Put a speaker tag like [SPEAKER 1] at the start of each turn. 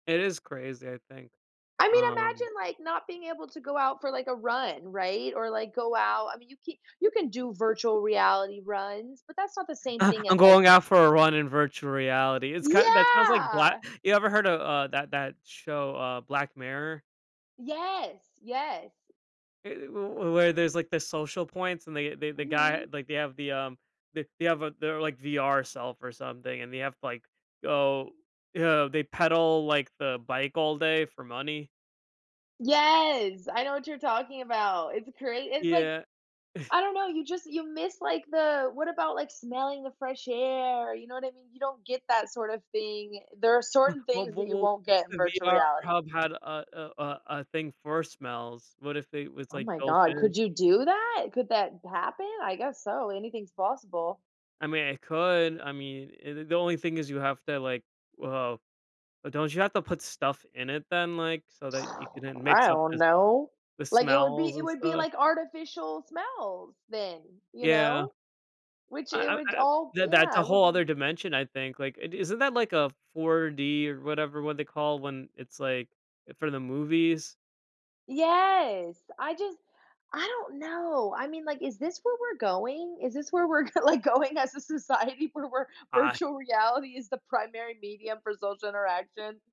[SPEAKER 1] It is crazy, I think,
[SPEAKER 2] I mean,
[SPEAKER 1] um
[SPEAKER 2] imagine, like, not being able to go out for, like, a run, right? Or, like, go out I mean, you c you can do virtual reality runs, but that's not the same thing
[SPEAKER 1] "I'm
[SPEAKER 2] as, like
[SPEAKER 1] going out for a run in virtual reality." It's kind that sounds like black
[SPEAKER 2] Yeah!
[SPEAKER 1] you ever heard of, uh, that that show, uh, Black Mirror?
[SPEAKER 2] Yes. Yes.
[SPEAKER 1] Eh, eh, w where there's, like, the social points and they they the guy,
[SPEAKER 2] Mhm.
[SPEAKER 1] like they have the, um, they they have a their, like, VR self or something, and they have to, like, go they pedal, like, the bike all day for money.
[SPEAKER 2] Yes! I know what you're talking about. It's great it's, like
[SPEAKER 1] Yeah.
[SPEAKER 2] I don't know, you just you miss, like, the what about, like, smelling the fresh air? You know what I mean? You don't get that sort of thing. There are
[SPEAKER 1] W
[SPEAKER 2] certain
[SPEAKER 1] w
[SPEAKER 2] things that you
[SPEAKER 1] w what
[SPEAKER 2] won't get in
[SPEAKER 1] if the
[SPEAKER 2] virtual
[SPEAKER 1] VR
[SPEAKER 2] reality.
[SPEAKER 1] hub had, uh, uh, uh, a thing for smells? What if it was,
[SPEAKER 2] Oh
[SPEAKER 1] like,
[SPEAKER 2] my
[SPEAKER 1] built
[SPEAKER 2] god.
[SPEAKER 1] in?
[SPEAKER 2] Could you do that? Could that b happen? I guess so, anything's possible.
[SPEAKER 1] I mean, it could I mean, eh, the the only thing is you have to, like well but don't you have to put stuff in it then, like, so that you can then
[SPEAKER 2] I
[SPEAKER 1] mix up
[SPEAKER 2] don't
[SPEAKER 1] the
[SPEAKER 2] know,
[SPEAKER 1] the
[SPEAKER 2] like, it would be
[SPEAKER 1] smells
[SPEAKER 2] it
[SPEAKER 1] and
[SPEAKER 2] would be,
[SPEAKER 1] stuff?
[SPEAKER 2] like, artificial smells, then, you
[SPEAKER 1] Yeah.
[SPEAKER 2] know? Which
[SPEAKER 1] I
[SPEAKER 2] it
[SPEAKER 1] I
[SPEAKER 2] would
[SPEAKER 1] I
[SPEAKER 2] all
[SPEAKER 1] that that's
[SPEAKER 2] yeah.
[SPEAKER 1] a
[SPEAKER 2] It would
[SPEAKER 1] whole
[SPEAKER 2] be
[SPEAKER 1] other dimension, I think. Like, i isn't that, like, a 4D or whatever what they call when it's, like, eh, for the movies?
[SPEAKER 2] Yes! I just I don't know. I mean, like, is this where we're going? Is this where we're g like, going as a society where we're
[SPEAKER 1] Ah
[SPEAKER 2] virtual reality is the primary medium for social interaction?